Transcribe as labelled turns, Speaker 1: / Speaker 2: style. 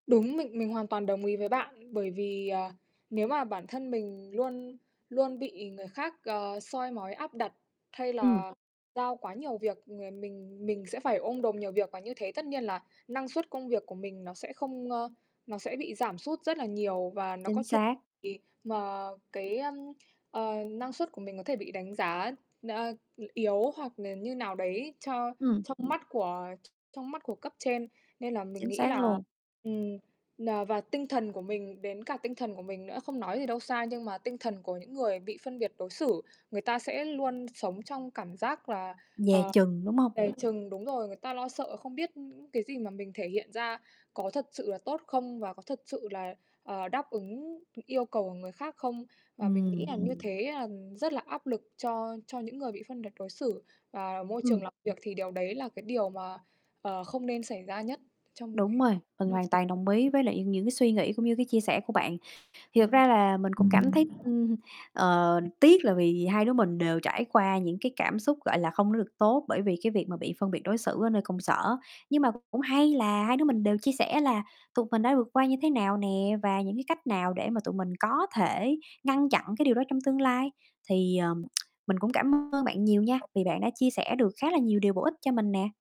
Speaker 1: Đúng. Mình mình hoàn toàn đồng ý với bạn, bởi vì, ờ, nếu mà bản thân mình luôn luôn bị người khác, à, soi mói áp đặt hay
Speaker 2: Ừm.
Speaker 1: là giao quá nhiều việc, ờ, mình mình sẽ phải ôm đồm nhiều việc, và như thế tất nhiên là năng suất công việc của mình nó sẽ không, ơ nó sẽ bị giảm sút rất là nhiều, và nó
Speaker 2: Chính
Speaker 1: có thể
Speaker 2: xác.
Speaker 1: bị mà cái, ưm, ờ, năng suất của mình có thể bị đánh giá, ơ, yếu hoặc là như nào đấy cho
Speaker 2: Ừm.
Speaker 1: trong mắt của trong mắt của cấp trên. Nên là mình
Speaker 2: Chính
Speaker 1: nghĩ
Speaker 2: xác
Speaker 1: là
Speaker 2: luôn.
Speaker 1: ừm, ờ, và tinh thần của mình, đến cả tinh thần của mình nữa, không nói gì đâu xa, nhưng mà tinh thần của những người bị phân biệt đối xử người ta sẽ luôn sống trong cảm giác là,
Speaker 2: Dè
Speaker 1: ờ,
Speaker 2: chừng, đúng hông?
Speaker 1: dè chừng. Đúng rồi, người ta lo sợ không biết cái gì mà mình thể hiện ra có thật sự là tốt không, và có thật sự là, ờ, đáp ứng yêu cầu của người khác không? Và mình nghĩ
Speaker 2: Ừm.
Speaker 1: là như thế là rất là áp lực cho cho những người bị phân biệt đối xử và môi trường
Speaker 2: Ừm.
Speaker 1: làm việc, thì điều đấy là cái điều mà, ờ, không nên xảy ra nhất trong một
Speaker 2: Đúng
Speaker 1: cái
Speaker 2: rồi, mình
Speaker 1: môi
Speaker 2: hoàn
Speaker 1: trường
Speaker 2: toàn đồng ý
Speaker 1: [unintelligible]
Speaker 2: với lại những cái suy nghĩ cũng như cái chia sẻ của bạn. Thì thật
Speaker 1: Ừm.
Speaker 2: ra là mình cũng cảm thấy,
Speaker 1: [unintelligible]
Speaker 2: ừm, ờ, tiếc là vì hai đứa mình đều trải qua những cái cảm xúc, gọi là, không có được tốt bởi vì cái việc mà bị phân biệt đối xử ở nơi công sở. Nhưng mà cũng hay là hai đứa mình đều chia sẻ là tụi mình đã vượt qua như thế nào nè, và những cái cách nào để mà tụi mình có thể ngăn chặn cái điều đó trong tương lai. Thì, ờm, mình cũng cảm ơn bạn nhiều nha, vì bạn đã chia sẻ được khá là nhiều điều bổ ích cho mình nè.